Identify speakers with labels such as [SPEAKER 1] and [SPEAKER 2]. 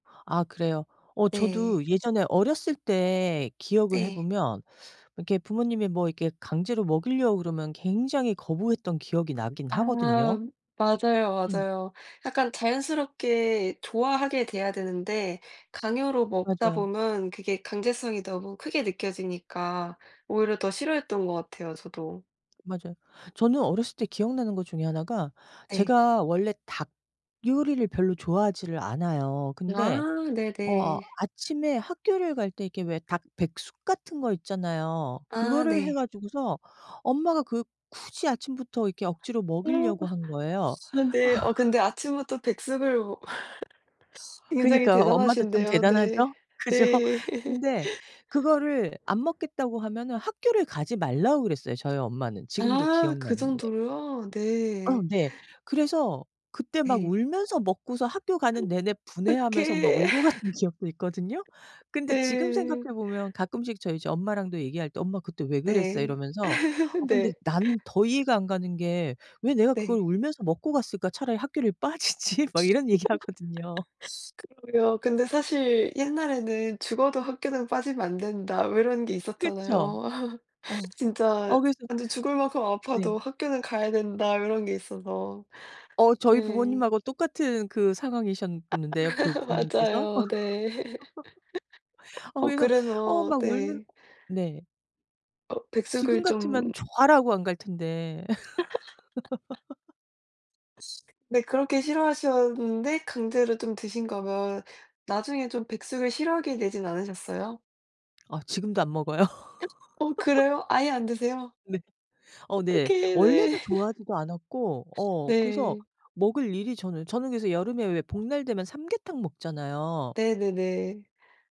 [SPEAKER 1] 아 그래요? 어
[SPEAKER 2] 네.
[SPEAKER 1] 저도 예전에 어렸을 때 기억을 해
[SPEAKER 2] 네.
[SPEAKER 1] 보면 이렇게 부모님이 뭐 이렇게 강제로 먹이려고 그러면 굉장히 거부했던 기억이 나긴
[SPEAKER 2] 아
[SPEAKER 1] 하거든요.
[SPEAKER 2] 맞아요,
[SPEAKER 1] 음.
[SPEAKER 2] 맞아요. 약간 자연스럽게 좋아하게 돼야 되는데 강요로 먹다
[SPEAKER 1] 맞아요.
[SPEAKER 2] 보면 그게 강제성이 너무 크게 느껴지니까 오히려 더 싫어했던 것 같아요, 저도.
[SPEAKER 1] 맞아요. 저는 어렸을 때 기억 나는 것 중에 하나가
[SPEAKER 2] 네.
[SPEAKER 1] 제가 원래 닭 요리를 별로 좋아하지를 않아요. 근데
[SPEAKER 2] 아.
[SPEAKER 1] 어
[SPEAKER 2] 네네.
[SPEAKER 1] 아침에 학교를 갈 때 이렇게 왜 닭백숙 같은 거 있잖아요.
[SPEAKER 2] 아
[SPEAKER 1] 그거를 해
[SPEAKER 2] 네.
[SPEAKER 1] 가지고서 엄마가 그 굳이 아침부터 억지로
[SPEAKER 2] 오.
[SPEAKER 1] 먹이려고
[SPEAKER 2] 아
[SPEAKER 1] 한 거예요.
[SPEAKER 2] 그런데 어 근데 아침부터 백숙을 뭐 굉장히
[SPEAKER 1] 그니까 엄마도 참
[SPEAKER 2] 대단하신데요? 네.
[SPEAKER 1] 대단하죠? 그죠?
[SPEAKER 2] 네.
[SPEAKER 1] 근데 그거를 안 먹겠다고 하면은 학교를 가지 말라고 그랬어요, 저희 엄마는. 지금도
[SPEAKER 2] 아. 그
[SPEAKER 1] 기억나는 게.
[SPEAKER 2] 정도로요?
[SPEAKER 1] 어
[SPEAKER 2] 네.
[SPEAKER 1] 네. 그래서 그때 막
[SPEAKER 2] 예.
[SPEAKER 1] 울면서 먹고서 학교 가는 내내 분해하면서 막
[SPEAKER 2] 어떡해.
[SPEAKER 1] 울고 갔던 기억도 있거든요. 근데 지금
[SPEAKER 2] 네.
[SPEAKER 1] 생각해 보면 가끔씩 저 이제 엄마랑도 얘기할 때 "엄마 그때 왜 그랬어?"
[SPEAKER 2] 네.
[SPEAKER 1] 이러면서 "어 근데
[SPEAKER 2] 네.
[SPEAKER 1] 나는 더 이해가 안 가는 게 왜 내가 그걸
[SPEAKER 2] 네.
[SPEAKER 1] 울면서 먹고 갔을까? 차라리 학교를 빠지지." 막 이런 얘기하거든요.
[SPEAKER 2] 그럼요. 근데 사실 옛날에는 "죽어도 학교는 빠지면 안 된다." 뭐 이런 게
[SPEAKER 1] 그쵸.
[SPEAKER 2] 있었잖아요.
[SPEAKER 1] 어
[SPEAKER 2] 진짜
[SPEAKER 1] 어 그래서
[SPEAKER 2] 완전 "죽을 만큼
[SPEAKER 1] 네.
[SPEAKER 2] 아파도 학교는 가야 된다." 이런 게 있어서.
[SPEAKER 1] 어 저희 부모님
[SPEAKER 2] 네.
[SPEAKER 1] 하고 똑같은 그 상황이셨는데요, 그 부모님께서.
[SPEAKER 2] 맞아요. 네.
[SPEAKER 1] 어
[SPEAKER 2] 어
[SPEAKER 1] 그래서 어
[SPEAKER 2] 그래서
[SPEAKER 1] 막 울면
[SPEAKER 2] 네.
[SPEAKER 1] 네.
[SPEAKER 2] 어
[SPEAKER 1] 지금
[SPEAKER 2] 백숙을
[SPEAKER 1] 같으면
[SPEAKER 2] 좀
[SPEAKER 1] 좋아라고 안 갈 텐데.
[SPEAKER 2] 네. 그렇게 싫어하셨는데 강제로 좀 드신 거면 나중에 좀 백숙을 싫어하게 되진 않으셨어요?
[SPEAKER 1] 아 지금도 안 먹어요?
[SPEAKER 2] 어 그래요? 아예 안 드세요?
[SPEAKER 1] 네. 어 네.
[SPEAKER 2] 어떡해.
[SPEAKER 1] 원래도
[SPEAKER 2] 네.
[SPEAKER 1] 좋아하지도 않았고 어 그래서
[SPEAKER 2] 네.
[SPEAKER 1] 먹을 일이 저는 저는 그래서 여름에 왜 복날 되면 삼계탕 먹잖아요.
[SPEAKER 2] 네네네.